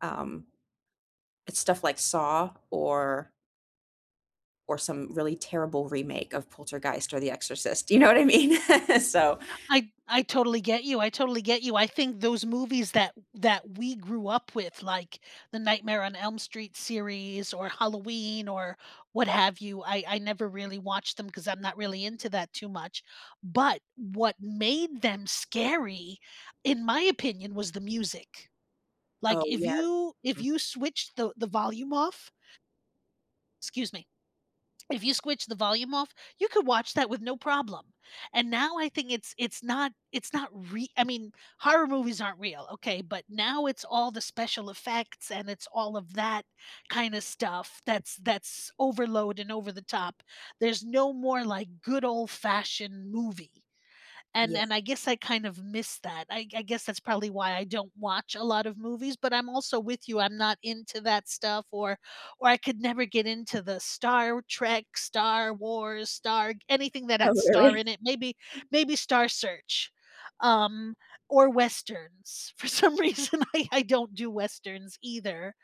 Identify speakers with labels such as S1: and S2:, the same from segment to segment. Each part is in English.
S1: Um, it's stuff like Saw or Or some really terrible remake of Poltergeist or The Exorcist. Do you know what I mean? So
S2: I I totally get you I totally get you, I think those movies that that we grew up with, like, the Nightmare on Elm Street series, or Halloween, or what have you, I I never really watched them 'cause I'm not really into that too much, but what made them scary, in my opinion, was the music, like,
S1: Oh,
S2: if
S1: yeah,
S2: you if
S1: mm.
S2: you switched the the volume off Excuse me, if you switch the volume off, you could watch that with no problem, and now I think it's it's not it's not re I mean, horror movies aren't real, okay, but now it's all the special effects, and it's all of that kinda stuff that's that's overload and over the top. There's no more, like, good old-fashioned movie, and
S1: Yeah.
S2: and I guess I kind of missed that. I I guess that's probably why I don't watch a lot of movies, but I'm also with you, I'm not into that stuff or or I could never get into the Star w Trek, Star Wars, Star anything that
S1: Oh,
S2: had star
S1: really.
S2: in it, maybe maybe Star Search, um, or Westerns. For some reason, I I don't do Westerns either,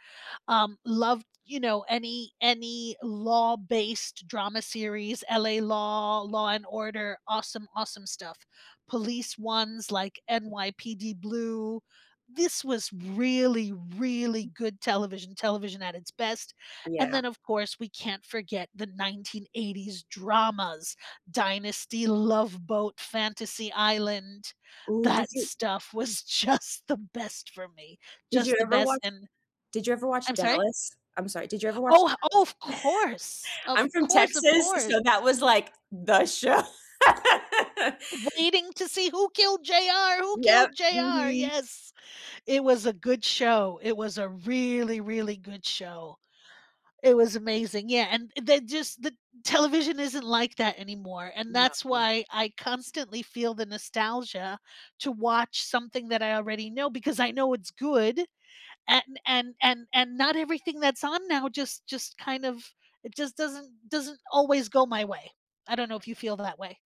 S2: um, love, you know, any any law-based drama series, LA Law, Law& Order, awesome, awesome stuff, police ones, like, NYPD Blue this was really, really good television television at its best, and
S1: Yeah.
S2: then of course we can't forget the 1980s dramas, Dynasty, Love Boat, Fantasy Island,
S1: Ooh, did
S2: that
S1: you
S2: stuff was just the best for me
S1: Did you
S2: just the
S1: ever
S2: best,
S1: watch
S2: and
S1: did you ever watch
S2: I'm sorry?
S1: Dallas? I'm sorry did you ever watch
S2: Oh
S1: Dallas?
S2: oh, of course of
S1: I'm from
S2: course of
S1: Texas,
S2: course.
S1: so, that was, like, the show.
S2: Waiting to see, who killed JR who
S1: Yep,
S2: killed JR,
S1: mhm.
S2: yes, it was a good show, it was a really, really good show, it was amazing, yeah, and th just the television isn't like that anymore, and that's
S1: No.
S2: why I constantly feel the nostalgia to watch something that I already know because I know it's good and and and and not everything that's on now just just kind of it just doesn't doesn't always go my way, I don't know if you feel that way.